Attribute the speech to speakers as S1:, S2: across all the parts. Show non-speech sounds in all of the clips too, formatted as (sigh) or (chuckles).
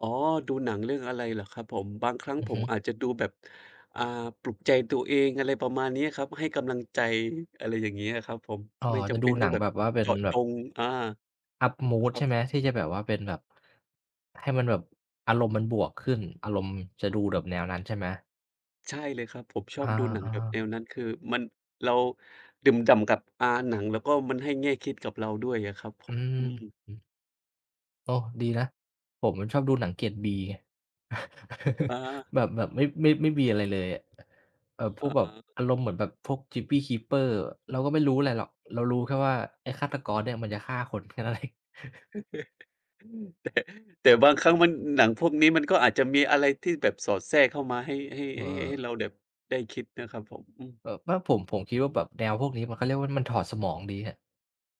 S1: อ๋อ ดูหนังเรื่องอะไรเหรอครับผม บางครั้ง
S2: อือ
S1: ผ
S2: ฮ
S1: ม
S2: ึ
S1: อาจจะดูแบบ อ่า ปลุกใจตัวเอง อะไรประมาณนี้ครับ ให้กำลังใจ อะไรอย่างงี้อะครับผม
S2: อ๋อ
S1: ไม่จ
S2: จะ
S1: ำ
S2: ด
S1: เป
S2: ู
S1: ็น
S2: ห
S1: ต้
S2: นั
S1: อง
S2: ง
S1: แบ
S2: แบ
S1: บ
S2: บว่าเป็
S1: เจ
S2: น
S1: าะ
S2: แบ
S1: จ
S2: บ
S1: ง อ่า
S2: Up mood
S1: ครั
S2: ใช
S1: บ
S2: ่ไหม
S1: ผม
S2: ที่จะแบบว่าเป็นแบบ ให้มันแบบ อารมณ์มันบวกขึ้น อารมณ์ จะดูแบบแนวนั้นใช่ไหม?
S1: ใช่เลยครับ ผมชอ
S2: อ
S1: บดูหนัง
S2: า
S1: แบบ
S2: ๆ
S1: แนวนั้น คือมัน เราดื่มด่ำกับ อ่า หนัง แล้วก็มันให้แง่คิดกับเราด้วยอะครับผ
S2: อื
S1: ม อ
S2: อ
S1: ืม
S2: ฮึ โอ้ ดีนะ ผมน่ะชอบดูหนังเกรด B
S1: อ
S2: (chuckles)
S1: า
S2: แบบ แบบไม่ ไม่ ไม่มีอะไร เลยอะ เอ่อ พ
S1: อ
S2: ว
S1: ๋
S2: กแบบ
S1: อ
S2: อารมณ์เหมือนแบบพวก Gypsy Keeper เราก็ไม่รู้อะไรหรอก เรารู้แค่ว่าไอ้ฆาตกรเนี่ยมันจะฆ่าคน แค่นั้น เอง (chuckles)
S1: (chuckles) แต่ แต่บางครั้งมัน หนังพวกนี้มันก็อาจจะมีอะไรที่แบบสอดแทรกเข้ามาให้ ให้
S2: เ
S1: ให้ ให้
S2: ออ
S1: เราแบบได้คิดนะครับผม อืม
S2: เออ ก็ผม ผมคิดว่าแบบแนวพวกนี้เขาเรียกว่า มันถอดสมองดีอะ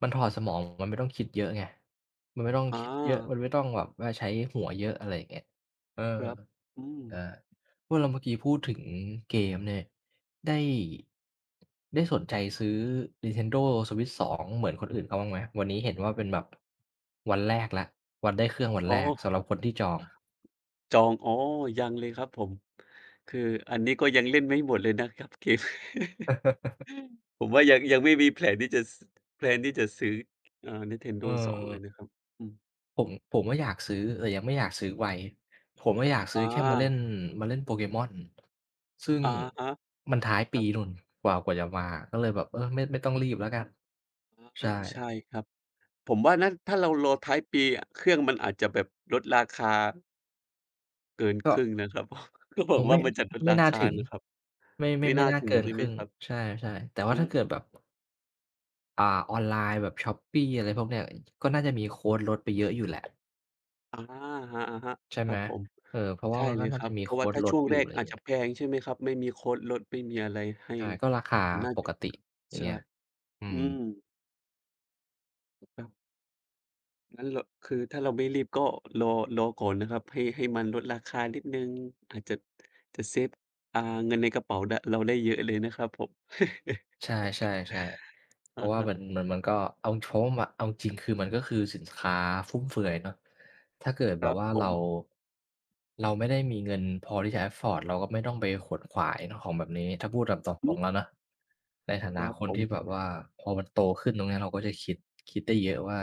S2: มันถอดสมอง มันไม่ต้องคิดเยอะไง มันไม่ต้อง
S1: อ
S2: คิดเยอะ ม
S1: า
S2: ันไม่ต้องแบบว่าใช้หัวเยอะ อะไรอย่างเงี้ย เออ
S1: ครับ อื
S2: เออ
S1: ม
S2: เมื่อเรา เมื่อกี้พูดถึง เกมส์เนี่ย ได้ ได้สนใจซื้อ Nintendo Switch 2 เหมือนคนอื่นเขาบ้างไหม? วันนี้เห็นว่าเป็นแบบ วันแรกแล้ว วันได้เครื่องวัน
S1: อ๋อ
S2: แรกสำหรับคนที่จอง
S1: จอง อ๋อ ยังเลยครับผม คืออันนี้ก็ยังเล่นไม่หมดเลยนะครับเกม (chuckles)
S2: (laughs)
S1: ผมว่ายัง ยังไม่มีแผนที่จะ ส แพลน ที่จะซื้อ เอ่อ
S2: อื
S1: Nintendo 2 เลย
S2: ม
S1: นะครับ อืม
S2: ผม ผมก็อยากซื้อ แต่ยังไม่อยากซื้อไว ผมก็อยากซื้
S1: อ
S2: อแค่มาเล่
S1: า
S2: น มาเล่น Pokemon ซึ่ง
S1: อะฮะ
S2: มันท้าย
S1: ค
S2: ป
S1: รั
S2: ี
S1: บ
S2: นู้น กว่า กว่าจะมาอะ ก็เลยแบบ เออ ไม่ ไม่ต้องรีบแล้วกัน
S1: อา
S2: ใช่
S1: อ ใช่ครับ ผมว่านะ ถ้าเรารอท้ายปีเครื่องมันอาจจะแบบลดราคา เกิน
S2: ก
S1: ค
S2: ็
S1: รึ่งนะครับ อ ก็บ
S2: อ๋
S1: อ
S2: อ
S1: ก
S2: ไ
S1: ว
S2: ม
S1: ่า
S2: ่
S1: มันจะลด
S2: ไม
S1: ร
S2: ่
S1: า
S2: น่
S1: ค
S2: า
S1: า
S2: ถึง
S1: นะครับ
S2: ไม่ ไม
S1: ไม
S2: ่
S1: ่
S2: ไม
S1: น่
S2: ่
S1: า
S2: น่า
S1: ถึ
S2: เก
S1: ง
S2: ิน
S1: ใช่
S2: ค
S1: ไห
S2: ร
S1: ม
S2: ึ่ง
S1: ครับ?
S2: ใช่ ๆ แต่ว่
S1: อ
S2: า
S1: ื
S2: ถ้าเกิ
S1: ม
S2: ดแบบ อ่า ออนไลน์แบบ Shopee อะไรพวกนี้ ก็น่าจะมีโคดลดไปเยอะอยู่แหละ
S1: อ๋า อะฮะ
S2: ใช่
S1: ๆ ค
S2: ไ
S1: ร
S2: ห
S1: ั
S2: ม
S1: บผม
S2: เอ่อ เพราะว
S1: ใ
S2: ่
S1: ช
S2: า
S1: ่
S2: มัน
S1: เ
S2: ก
S1: ล
S2: ็
S1: ย
S2: น่
S1: ค
S2: า
S1: รั
S2: จะ
S1: บ
S2: มี
S1: เพ
S2: โ
S1: ร
S2: ค
S1: าะว่า
S2: ด
S1: ถ้า
S2: ล
S1: ช
S2: ด
S1: ่วง
S2: อยู
S1: แ
S2: ่
S1: ร
S2: อ
S1: ก
S2: ะไรอ
S1: อ
S2: ย่
S1: า
S2: าง
S1: จ
S2: เง
S1: จ
S2: ี
S1: ะ
S2: ้ย
S1: แพง ใช่ไหมครับ ไม่มีโคดลดไม่มีอะไรให้
S2: ใช่ ก็ราคา
S1: แต่น่า
S2: ป
S1: จะ
S2: กติ อย่า
S1: ใ
S2: ง
S1: ช
S2: เ
S1: ่
S2: งี้ย อื
S1: อื
S2: ม
S1: ม ครับ งั้นเรา คือถ้าเราไม่รีบก็รอ รอก่อนนะครับ ให้ ให้มันลดราคานิดหนึ่ง อาจจะ จะเซฟ อ่า เงินในกระเป๋า ด เราได้เยอะเลยนะครับผม (chuckles)
S2: ใช่ ๆ ๆ เพ
S1: อ
S2: ร
S1: ะ
S2: าะว่า
S1: ฮ
S2: มั
S1: ะ
S2: น มัน มันก็ เอาโช้มอะ เอาจริงคือมันก็คือสินค้าฟุ่มเฟือยเนาะ ถ้าเกิด
S1: ค
S2: แบ
S1: รั
S2: บ
S1: บ
S2: ว่า
S1: ผ
S2: เรา
S1: ม
S2: เราไม่ได้มีเงินพอที่จะ Afford เราก็ไม่ต้องไปขวนขวายของเนาะแบบนี้ ถ้าพูดแบบต
S1: อื
S2: ร
S1: ม
S2: ง ๆ แล้วเนาะ ในฐา
S1: ค
S2: นะ
S1: รับ
S2: คน
S1: ผ
S2: ที
S1: ม
S2: ่แบบว่า พอมันโตขึ้นตรงนี้เราก็จะคิด คิดได้เยอะว่า